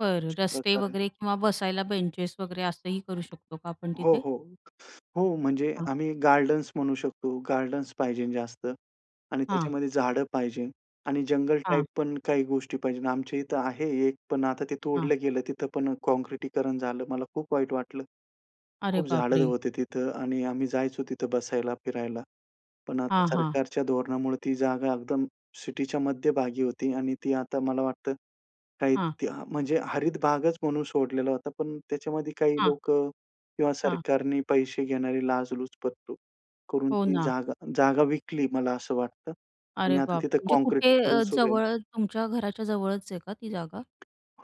बरं, रस्ते प्रकार आहे. वगैरे किंवा बसायला बेंचेस वगैरे असंही करू शकतो का आपण हो, तिथे? हो. हो, म्हणजे हां. आम्ही गार्डन्स म्हणू शकतो, गार्डन्स पाहिजे जास्त आणि हां. त्याच्यामध्ये झाडं पाहिजे आणि जंगल हां. टाइप पण काही गोष्टी पाहिजे. आमच्या इथे आहे एक, पण आता ते हां. तोडलं गेलं. तिथं पण काँक्रिटीकरण झालं, मला खूप वाईट वाटलं. अरे खूप झाडं बापरे! होते तिथे अ, आणि आम्ही जायचो तिथे बसायला, फिरायला, पण आता हां, हां. सरकारच्या धोरणामुळे ती जागा एकदम सिटीच्या मध्यभागी होती आणि ती आता मला वाटतं. काही हां. त्या म्हणजे हरित भागच म्हणून सोडलेला होता, पण त्याच्यामध्ये काही हां. लोकं किंवा हां. सरकारने पैसे घेणारी लाचलुचपत करून हो ती ना. जागा जागा विकली, मला असं वाटतं अरे आणि आता बापरे! तिथे म्हणजे कुठे काँक्रिटीकरण अ, सुरू आहे. जवळ तुमच्या घराच्या जवळच आहे का, ती जागा?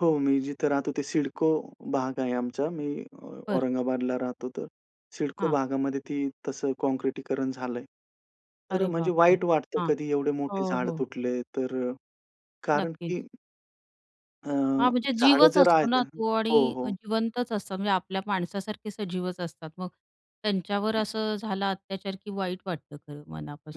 हो, मी जिथे राहतो ते सिडको भाग आहे आमचा मी बरं. औरंगाबादला राहतो तर. सिडको हां. भागामध्ये ती तसे काँक्रिटीकरण झालंय. तर अरे म्हणजे बापरे! वाईट वाटतं हां. कधी एवढे मोठे हो, झाड हो. तुटले तर अ, कारण नक्कीच. की अ, हां, म्हणजे झाड जीवच जर आहे असतो तर ना तो आणि हो, हो. जिवंतच असतात, म्हणजे आपल्या माणसासारखे सजीवच असतात, मग त्यांच्यावर हं. असं झाला अत्याचार, की वाईट वाटतं, खरं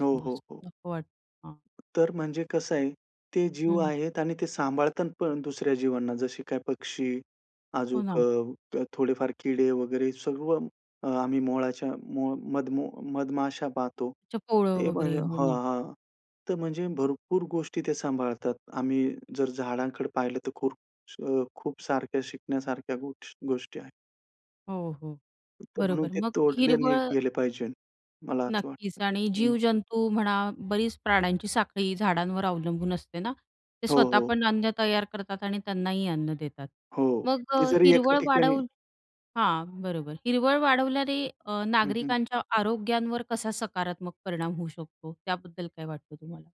हो, हो, हो. असं नको वाटतं, हां. तर म्हणजे कसं आहे, ते जीव हं. आहेत आणि ते सांभाळतात पण दुसऱ्या जीवांना. जसे काही पक्षी, हो अजून ना. थोडेफार किडे वगैरे, सर्व आम्ही मोहळाच्या मधमो मधमाशा पाहतो. अच्छा पोळ ते वगैरे म्हणजे हो हां, ना. हां, तर म्हणजे भरपूर गोष्टी ते सांभाळतात. आम्ही जर झाडांकडे पाहिले तर खूप अ, खूप सारख्या शिकण्यासारख्या गोष गोष्टी आहेत. हो, हो. [unintelligible] म्हणून बरोबर. ते मग तोडले नाही हिरवळ गेले पाहिजे. मला असं वाटतं. नक्कीच आणि हं. जीवजंतू म्हणा, बरीच प्राण्यांची साखळी झाडांवर अवलंबून असते ना, ते हो, स्वतः हो. पण अन्न तयार करतात आणि त्यांनाही अन्न देतात, हो, मग ते अ, जरी एका हिरवळ ठिकाणी वाढवून हां, बरोबर. हिरवळ वाढवल्याने अ, हं, हं. नागरिकांच्या आरोग्यांवर कसा सकारात्मक परिणाम होऊ शकतो, त्याबद्दल काय वाटतं तुम्हाला?